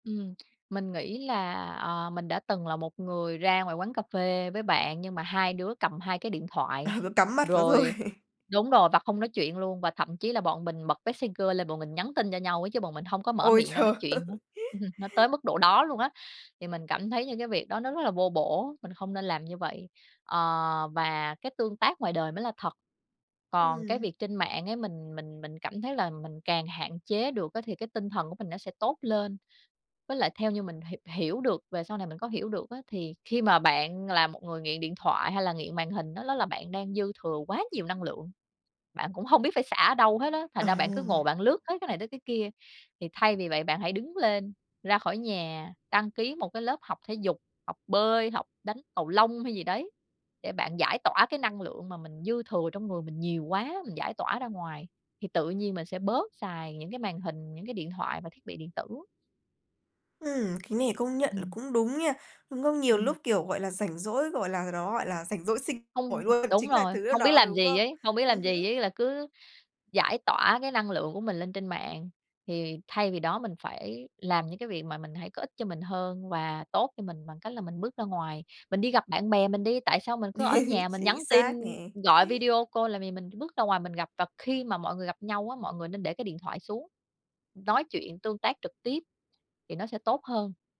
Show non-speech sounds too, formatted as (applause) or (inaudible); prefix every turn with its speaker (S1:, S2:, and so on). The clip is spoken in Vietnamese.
S1: Ừm, mình nghĩ là, ờ, mình đã từng là một người ra ngoài quán cà phê với bạn nhưng mà hai đứa cầm hai cái điện
S2: Ờ,
S1: thoại,
S2: cứ cắm mắt vào thôi.
S1: rồi đúng rồi, và không nói chuyện luôn và thậm chí là bọn mình bật Messenger lên bọn mình nhắn tin cho nhau ấy, chứ bọn mình hông có mở
S2: Ôi,
S1: miệng ra
S2: trời!
S1: nói chuyện nữa,
S2: (chuckles)
S1: (chuckles) nó tới mức độ đó luôn á. Thì mình cảm thấy những cái việc đó nó rất là vô bổ, mình không nên làm như vậy. Ờ, và cái tương tác ngoài đời mới là thật, còn cái
S2: Ừm.
S1: việc trên mạng ấy mình mình mình cảm thấy là mình càng hạn chế được á, thì cái tinh thần của mình nó sẽ tốt lên. Với lại theo như mình hi hiểu được về sau này mình có hiểu được á, thì khi mà bạn là một người nghiện điện thoại hay là nghiện màn hình á, đó là bạn đang dư thừa quá nhiều năng lượng, bạn cũng hông biết phải xả ở đâu hết á, thành ra bạn cứ ngồi
S2: À!
S1: bạn lướt hết cái này tới cái kia. Thì thay vì vậy bạn hãy đứng lên, ra khỏi nhà, đăng ký một cái lớp học thể dục, học bơi, học đánh cầu lông hay gì đấy để bạn giải tỏa cái năng lượng mà mình dư thừa trong người mình nhiều quá, mình giải tỏa ra ngoài, thì tự nhiên mình sẽ bớt xài những cái màn hình, những cái điện thoại và thiết bị điện tử.
S2: Ừm, cái này công nhận là
S1: Ừm.
S2: cũng đúng nha, đúng không? Nhiều
S1: Ừm.
S2: lúc, kiểu, gọi là, rảnh rỗi, gọi là, đó, gọi là, rảnh rỗi sinh nổi
S1: Hông,
S2: luôn,
S1: đúng
S2: chính là
S1: rồi,
S2: thứ là
S1: hông biết
S2: nó,
S1: làm
S2: đúng
S1: gì
S2: không?
S1: ấy hông biết
S2: Ừm
S1: làm gì
S2: hứm.
S1: ấy là cứ giải tỏa cái năng lượng của mình lên trên mạng, thì thay vì đó mình phải làm những cái việc mà mình thấy có ích cho mình hơn và tốt cho mình bằng cách là mình bước ra ngoài. Mình đi gặp bạn bè mình đi, tại sao mình cứ ở
S2: (chuckles)
S1: nhà mình nhắn
S2: Chính
S1: tin
S2: xác nè.
S1: gọi
S2: (chuckles)
S1: video call làm gì, mình bước ra ngoài mình gặp, và khi mà mọi người gặp nhau á, mọi người nên để cái điện thoại xuống nói chuyện tương tác trực tiếp thì nó sẽ tốt hơn.